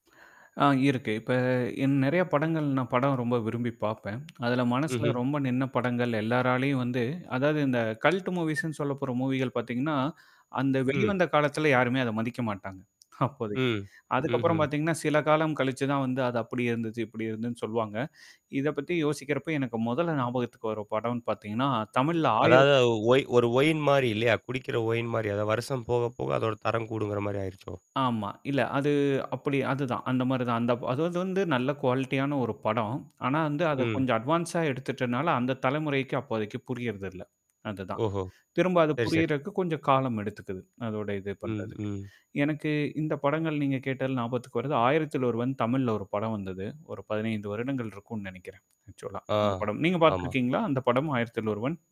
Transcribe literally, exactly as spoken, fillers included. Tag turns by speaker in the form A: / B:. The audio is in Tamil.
A: ஆ இருக்கு. இப்ப என் நெறைய படங்கள் நான் படம் ரொம்ப விரும்பி பார்ப்பேன். அதுல மனசுல
B: ம்ஹ்ம்.
A: ரொம்ப நின்ன படங்கள் எல்லாராலயும் வந்து, அதாவது இந்த கல்ட் மூவிஸ்ன்னு சொல்லப்பட்ற மூவிகள் பார்த்தீங்கன்னா, அந்த
B: ம்.
A: வெளிவந்த காலத்தல யாருமே அத மதிக்க மாட்டாங்க. அப்போதைக்கு.
B: ம்.
A: அதுக்கப்புறம்
B: ம்ஹ்ம்.
A: பார்த்தீங்கன்னா, சில காலம் கழிச்சு தான் வந்து அது அப்படி இருந்துச்சு, இப்படி இருந்ததுன்னு சொல்வாங்க. இத பத்தி யோசிக்கிறப்ப எனக்கு முதல்ல ஞாபகத்துக்கு வரும் படம்னு பார்த்தீங்கன்னா, தமிழ்ல
B: அதாவது
A: ஆயிரத்த
B: அது ஒய் ஒரு ஒயின் மாரி இல்லையா? குடிக்கிற ஒயின் மாரி. அதாவது, வருஷம் போக போக அதோட தரம் கூடுங்கிற மாரி ஆயிருச்சோ!
A: ஆமா. இல்ல. அது அப்படி அதுதான், அந்த மாரி தான். அந்த அ அது வந்து நல்ல குவாலிட்டியான ஒரு படம். ஆனா, வந்து அத
B: ம்.
A: கொஞ்சம் அட்வான்ஸா எடுத்துட்டனால அந்த தலைமுறைக்கு அப்போதைக்கு புரியதில்ல அதுதான்.
B: ஓஹோ!
A: திரும்ப அது
B: சரி சரி.
A: புரியறக்கு கொஞ்சம் காலம் எடுத்துக்குது. அதோட இது
B: ம்,
A: பண்றதுக்கு.
B: ம்.
A: எனக்கு இந்த படங்கள் நீங்க கேட்டது ஞாபத்துக்கு வருது. ஆயிரத்தில் ஒருவன் தமிழ்ல ஒரு படம் வந்தது. ஒரு பதினைந்து வருடங்கள் இருக்கும்னு நெனைக்கிறேன். ஆக்சுவலா
B: ஆ.
A: அந்த படம். நீங்க
B: ஆமா.
A: பார்த்துருக்கீங்களா? அந்த படம் ஆயிரத்தில் ஒருவன்.